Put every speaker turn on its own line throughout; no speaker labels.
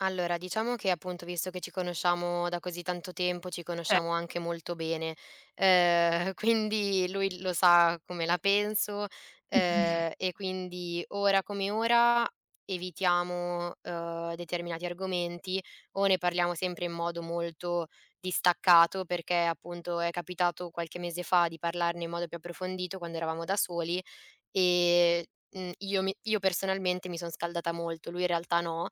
Allora diciamo che appunto, visto che ci conosciamo da così tanto tempo, ci
Ce
conosciamo anche molto bene, ehm, quindi lui lo sa come la penso, ehm, e quindi ora come ora, evitiamo, uhm, determinati argomenti o ne parliamo sempre in modo molto distaccato, perché appunto è capitato qualche mese fa di parlarne in modo più approfondito quando eravamo da soli e, uhm, io mi io personalmente mi sono scaldata molto, lui in realtà no.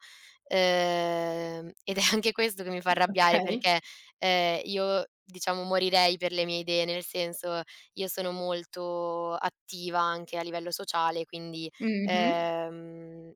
Ehm, ed è anche questo che mi fa arrabbiare
Okay.
perché, ehm, io diciamo morirei per le mie idee, nel senso io sono molto attiva anche a livello sociale, quindi,
Mh-mh.
ehm,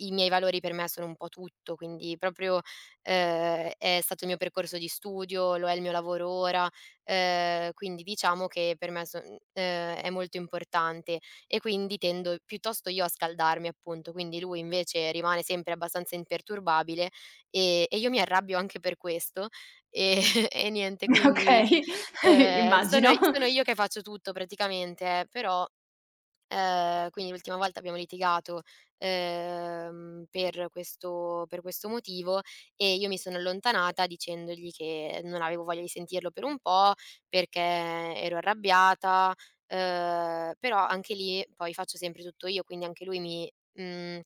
i miei valori per me sono un po' tutto, quindi proprio, ehm, è stato il mio percorso di studio, lo è il mio lavoro ora, ehm, quindi diciamo che per me son ehm, è molto importante e quindi tendo piuttosto io a scaldarmi appunto, quindi lui invece rimane sempre abbastanza imperturbabile e e io mi arrabbio anche per questo e e niente quindi
Okay, i
ehm, sono
immagino.
sono io che faccio tutto praticamente, eh, però ehm, quindi l'ultima volta abbiamo litigato, ehm, per questo per questo motivo e io mi sono allontanata dicendogli che non avevo voglia di sentirlo per un po' perché ero arrabbiata, ehm, però anche lì poi faccio sempre tutto io, quindi anche lui mi mhmm,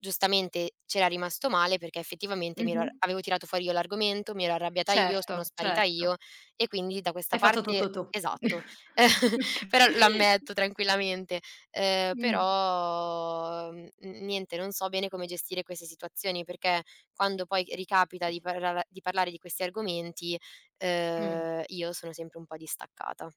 giustamente c'era rimasto male perché effettivamente mi ero
Mh-mh.
avevo tirato fuori io l'argomento, mi ero arrabbiata io, sono
Certo,
sparita io
certo.
e quindi da questa
Hai fatto
parte
tutto tu.
esatto,
Okay.
però lo ammetto tranquillamente. Ehm,
Mh.
però, n n niente, non so bene come gestire queste situazioni perché quando poi ricapita di parlar di parlare di questi argomenti,
Mh.
uhm, io sono sempre un po' distaccata.